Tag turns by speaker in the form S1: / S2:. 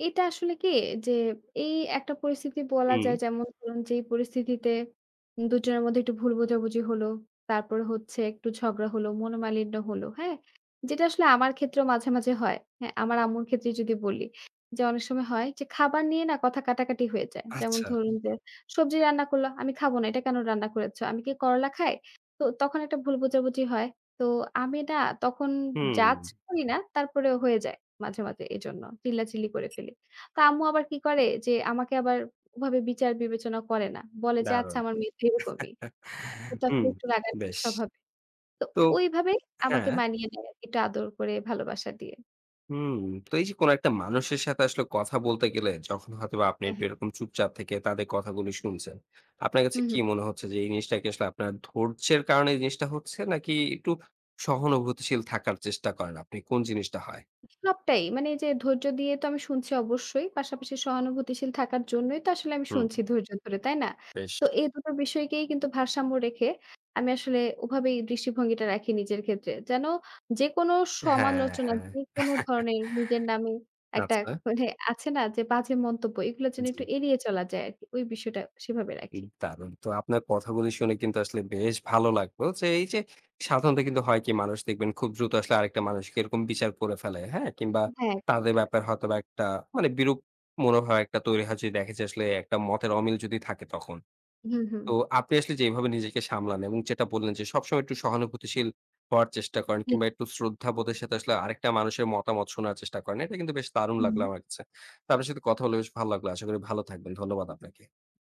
S1: এটা আসলে কি? যে এই একটা পরিস্থিতি বলা
S2: হুম।
S1: যায় যেমন ধরুন, যেই পরিস্থিতিতে দুজনের মধ্যে একটু ভুল বোঝাবুঝি হলো। তারপরে হচ্ছে একটু ঝগড়া হলো, মনোমালিন্য হল। হ্যাঁ? যেটা আসলে আমার ক্ষেত্রেও মাঝে, মাঝে হয়। হ্যাঁ, আমার আম্মুর ক্ষেত্রে যদি বলি যে, অনেক সময় হয় যে খাবার নিয়ে না? কথা কাটাকাটি হয়ে যায়। যেমন
S2: আচ্ছা।
S1: ধরুন যে সবজি রান্না করল, "আমি খাবো না। এটা কেন রান্না করেছ? আমি কি করল্লা খাই?" তো তখন একটা ভুল বোঝাবুঝি হয়। তো আমি না? তখন জাজ
S2: হুম।
S1: করি না তারপরেও হয়ে যায়, মাঝে, মাঝে এজন্য। চিল্লাচিল্লি করে ফেলি। তো আম্মু আবার কি করে যে, আমাকে আবার ওভাবে বিচার-বিবেচনা করে না। বলে যে, "আচ্ছা
S2: দারুণ।
S1: আমার মেয়ে তো এরকমই। ওটা
S2: হুম,
S1: একটু রাগান্বিত
S2: বেশ।
S1: স্বভাবের।" তো
S2: তো
S1: ঐভাবেই আমাকে
S2: হ্যাঁ।
S1: মানিয়ে নেয় আরকি। একটু আদর করে, ভালোবাসা দিয়ে।
S2: হুম। তো এই যে কোনো একটা মানুষের সাথে আসলে কথা বলতে গেলে, যখন হয়তোবা আপনি
S1: হুম।
S2: একটু এরকম চুপচাপ থেকে তাদের কথাগুলো শুনছেন। আপনার কাছে
S1: হুঁ,
S2: কি
S1: হুঁ।
S2: মনে হচ্ছে যে, এই জিনিসটা কি আসলে আপনার ধৈর্য্যের কারণে এই জিনিসটা হচ্ছে? নাকি একটু সহানুভূতিশীল থাকার চেষ্টা করেন আপনি, কোন জিনিসটা হয়?
S1: সবটাই। মানে এই যে ধৈর্য দিয়ে তো আমি শুনছি অবশ্যই। পাশাপাশি সহানুভূতিশীল থাকার জন্যই তো আসলে আমি
S2: হুম।
S1: শুনছি ধৈর্য ধরে, তাই না?
S2: বেশ।
S1: তো এই দুটো বিষয়কেই কিন্তু ভারসাম্য রেখে, আমি আসলে ওভাবেই দৃষ্টিভঙ্গিটা রাখি নিজের ক্ষেত্রে। যেন যেকোনো
S2: হ্যাঁ,
S1: সমালোচনা,
S2: হ্যাঁ।
S1: যেকোন ধরনের, নিজের নামে একটা
S2: আচ্ছা।
S1: এক মানে আছে না? যে, বাজে মন্তব্য। এগুলো যেন
S2: জি।
S1: একটু এড়িয়ে চলা যায় আরকি। ওই বিষয়টা সেভাবে
S2: উ
S1: রাখি।
S2: দারুণ। তো আপনার কথাগুলি শুনে কিন্তু আসলে বেশ ভালো লাগলো। তো এই যে সাধারণত কিন্তু হয় কি? মানুষ দেখবেন খুব দ্রুত আসলে আরেকটা মানুষকে এরকম বিচার করে ফেলে। হ্যাঁ? কিংবা
S1: হ্যাঁ।
S2: তাদের
S1: [unintelligible]
S2: ব্যাপারে হয়তোবা একটা, মানে বিরূপ মনোভাব একটা তৈরি হয়, যদি দেখে যে আসলে একটা মতের অমিল যদি থাকে তখন।
S1: হুম, হুম।
S2: তো আপনি আসলে যে এভাবে নিজেকে সামলান এবং যেটা বললেন যে, সবসময় একটু সহানুভূতিশীল হওয়ার চেষ্টা করেন
S1: জি।
S2: কিংবা একটু শ্রদ্ধাবোধের সাথে আসলে আরেকটা মানুষের মতামত শোনার চেষ্টা করেন। এটা কিন্তু বেশ দারুণ লাগলো
S1: হু।
S2: আমার কাছে। তো আপনার সাথে কথা হলে বেশ ভালো লাগলো। আশা করি ভালো থাকবেন। ধন্যবাদ আপনাকে।